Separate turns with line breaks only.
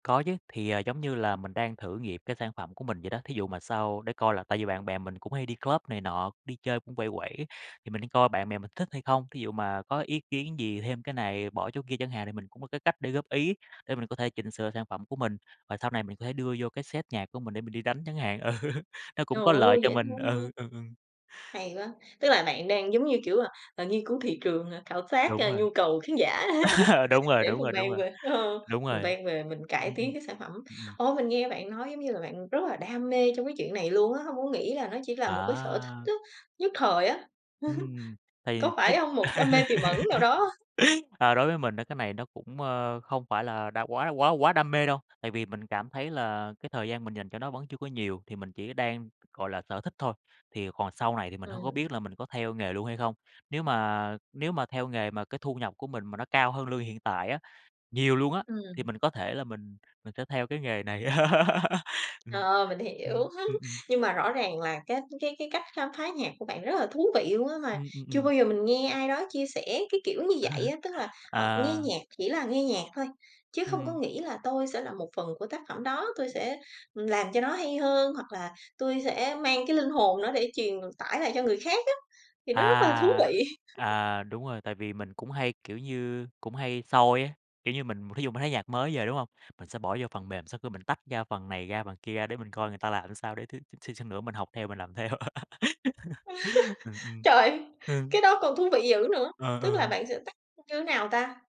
Có chứ, thì, à, giống như là mình đang thử nghiệm cái sản phẩm của mình vậy đó, thí dụ mà sau để coi là, tại vì bạn bè mình cũng hay đi club này nọ, đi chơi cũng quẩy, quẩy, thì mình đi coi bạn bè mình thích hay không? Thí dụ mà có ý kiến gì, thêm cái này, bỏ chỗ kia chẳng hạn thì mình cũng có cái cách để góp ý, để mình có thể chỉnh sửa sản phẩm của mình và sau này mình có thể đưa vô cái set nhạc của mình để mình đi đánh chẳng hạn, ừ, nó cũng
Trời
có lợi
ơi,
cho
dễ
mình,
thương ha!
ừ, ừ, ừm.
Hay quá, tức là bạn đang giống như, kiểu, à, à, nghiên cứu thị trường, à, khảo sát,
Đúng
a,
rồi.
nhu cầu khán giả
Đúng rồi,
để
đúng
mình
rồi, đúng
mang
rồi,
về ờ,
đúng
mình
rồi.
vang về mình cải
Ừm, ừm,
tiến cái sản phẩm.
ừm, ừm.
Ô, mình nghe bạn nói giống như là bạn rất là đam mê trong cái chuyện này luôn á, hông có nghĩ là nó chỉ là một cái sở
À!
thích á, nhất thời á,
Ừm, thì
có
đối
phải hông, một đam mê tiềm ẩn nào đó?
a, đối với mình á, cái này nó cũng, ơ, không phải là đam quá là quá quá đam mê đâu, tại vì mình cảm thấy là cái thời gian mình dành cho nó vẫn chưa có nhiều thì mình chỉ đang, gọi là, sở thích thôi, thì còn sau này thì mình hông có
Ừm.
biết là mình có theo nghề luôn hay không? Nếu mà nếu mà theo nghề mà cái thu nhập của mình mà nó cao hơn lương hiện tại á, nhiều luôn á, thì
Ừm.
mình có thể là mình mình sẽ theo cái nghề này. Ừm,
Ờ, mình
ừm,
hiểu,
ừm, ừm.
nhưng mà rõ ràng là cái cái cái cách khám phá nhạc của bạn rất là thú vị luôn á, mà
Ừm, ừm,
chưa
ừm.
bao giờ mình nghe ai đó chia sẻ, cái kiểu, như dậy á. Tức là họ nghe
À.
nhạc chỉ là nghe nhạc thôi, chứ không có
Ừm.
nghĩ là "Tôi sẽ là một phần của tác phẩm đó, tôi sẽ, ừm, làm cho nó hay hơn", hoặc là "Tui sẽ mang cái linh hồn đó để truyền tải lại cho người khác á." Thì
À,
nó rất là thú vị.
à, đúng rồi, tại vì mình cũng hay, kiểu như, cũng hay soi á, kiểu như mình, thí dụ mà thấy nhạc mới về, đúng hông, mình sẽ bỏ vô phần mềm, sau khi mình tách ra phần này ra, phần kia ra để mình coi người ta làm sao, để thiếu xíu xíu nữa mình học theo mình làm theo. Ờ, ừm.
Trời,
Ừm.
cái đó còn thú vị dữ nữa,
Ờ,
tức là
ờ.
bạn sẽ tắt, ưm, như nào ta?